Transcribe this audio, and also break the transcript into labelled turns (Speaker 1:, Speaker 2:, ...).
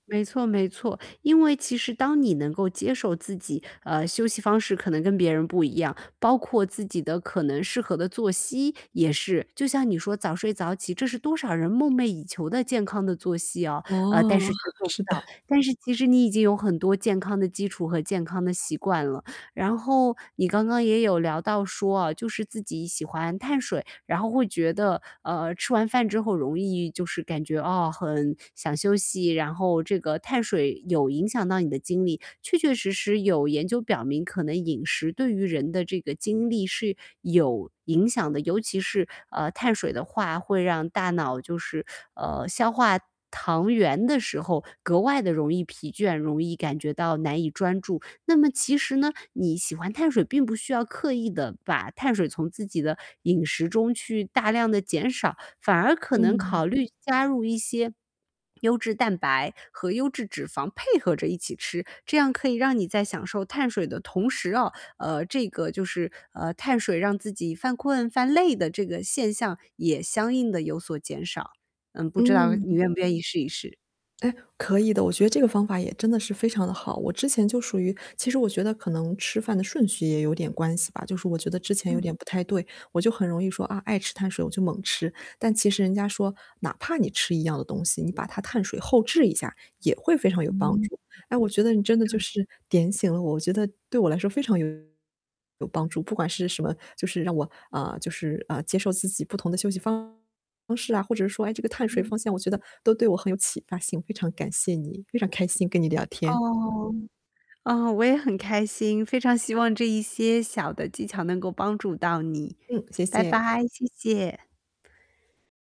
Speaker 1: 没错没错，因为其实当你能够接受自己，呃，休息方式可能跟别人不一样，包括自己的可能适合的作息，也是。就像你说早睡早起，这是多少人梦寐以求的健康的作息啊，
Speaker 2: 哦，
Speaker 1: 呃，但是却做 不
Speaker 2: 是
Speaker 1: 到，
Speaker 2: 的。
Speaker 1: 但是其实你已经有很多健康的基础和健康的习惯了。然后你刚刚也有聊到说啊，就是自己喜欢碳水，然后会觉得，呃，吃完饭之后容易就是感觉，啊，很想休息，然后这个碳水有影响到你的精力。确确实实有研究表明，可能饮食对于人的这个精力是有影响的，尤其是，呃，碳水的话会让大脑就是，呃，消化糖源的时候，格外地容易疲倦，容易感觉到难以专注。那么其实呢，你喜欢碳水并不需要刻意地把碳水从自己的饮食中去大量地减少，反而可能
Speaker 2: 嗯。
Speaker 1: 考虑加入一些 优质蛋白，和优质脂肪配合着一起吃，这样可以让你在享受碳水的同时哦，呃，这个就是，呃，碳水让自己犯困、犯累的这个现象，也相应地有所减少。嗯，不知道你
Speaker 2: 嗯。
Speaker 1: 愿不愿意试一试。
Speaker 2: 哎，可以的，我觉得这个方法也真的是非常地好。我之前就属于其实我觉得可能吃饭的顺序也有点关系吧，就是我觉得之前有
Speaker 1: 嗯。
Speaker 2: 点不太对。我就很容易说，啊，爱吃碳水我就猛吃，但其实人家说，哪怕你吃一样的东西，你把它碳水后置一下，也会非常有帮
Speaker 1: 嗯。
Speaker 2: 助。哎，我觉得你真的就
Speaker 1: 嗯。
Speaker 2: 是点醒了我，我觉得对我来说非常有帮助，不管是什么就是让我，呃就是，呃，接受自己不同的休息方式啊，或者说，哎，这个碳水
Speaker 1: 嗯。
Speaker 2: 方向，我觉得都对我很有启发性。非常感谢你，非常开心跟你聊天。
Speaker 1: 哦，哦，我也很开心，非常希望这一些小的技巧能够帮助到你。
Speaker 2: 嗯，谢
Speaker 1: 拜
Speaker 2: 谢。
Speaker 1: 拜，谢谢。